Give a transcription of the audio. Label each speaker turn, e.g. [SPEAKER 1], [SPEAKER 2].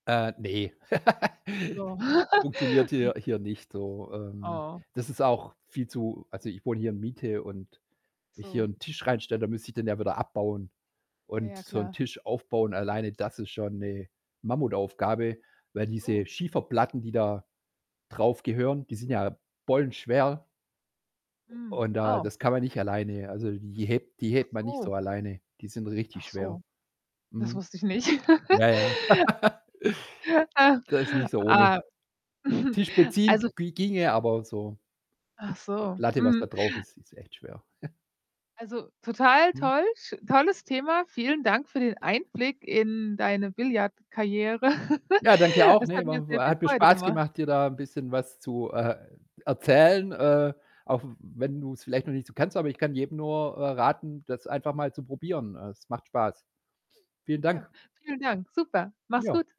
[SPEAKER 1] Äh, ne.
[SPEAKER 2] So.
[SPEAKER 1] Funktioniert
[SPEAKER 2] Hm.
[SPEAKER 1] hier hier nicht so. Ähm,
[SPEAKER 2] Oh.
[SPEAKER 1] das ist auch viel zu also, ich wohne hier in Miete und wenn ich hier
[SPEAKER 2] So.
[SPEAKER 1] 'n Tisch reinstelle, dann müsste ich den ja wieder abbauen.
[SPEAKER 2] Ja,
[SPEAKER 1] Und
[SPEAKER 2] ja,
[SPEAKER 1] so 'n
[SPEAKER 2] klar.
[SPEAKER 1] Tisch aufbauen alleine, das ist schon 'ne Mammutaufgabe, weil diese
[SPEAKER 2] Oh?
[SPEAKER 1] Schieferplatten, die da drauf gehören, die sind ja bollenschwer. U
[SPEAKER 2] Hm.
[SPEAKER 1] und da
[SPEAKER 2] Oh.
[SPEAKER 1] das kann man nicht alleine, also, die hebt die hebt man nicht
[SPEAKER 2] Achso.
[SPEAKER 1] so alleine. Die sind richtig schwer.
[SPEAKER 2] Achso. Das
[SPEAKER 1] Mhm.
[SPEAKER 2] wusste ich nicht.
[SPEAKER 1] Ja, ja. Das ist nicht so ohne.
[SPEAKER 2] Ah,
[SPEAKER 1] Tisch beziehen
[SPEAKER 2] also
[SPEAKER 1] bi ginge, aber so die
[SPEAKER 2] Achso,
[SPEAKER 1] Platte, was da
[SPEAKER 2] mhm.
[SPEAKER 1] drauf ist, ist echt schwer.
[SPEAKER 2] Also, total
[SPEAKER 1] Mhm.
[SPEAKER 2] toll, sch tolles Thema. Vielen Dank für den Einblick in deine Billard Karriere.
[SPEAKER 1] Ja, danke auch.
[SPEAKER 2] Es
[SPEAKER 1] Ne,
[SPEAKER 2] hat mir sehr
[SPEAKER 1] wa
[SPEAKER 2] viel
[SPEAKER 1] hat mir
[SPEAKER 2] Freude
[SPEAKER 1] Spaß
[SPEAKER 2] gemacht.
[SPEAKER 1] gemacht, dir da 'n bisschen was zu, äh, erzählen, äh, auch w wenn du es vielleicht noch nicht so kanntest. Aber ich kann jedem nur, äh, raten, das einfach mal zu probieren. Es macht Spaß. Vielen
[SPEAKER 2] Ja,
[SPEAKER 1] Dank.
[SPEAKER 2] vielen Dank. Super. Mach's
[SPEAKER 1] Ja.
[SPEAKER 2] gut.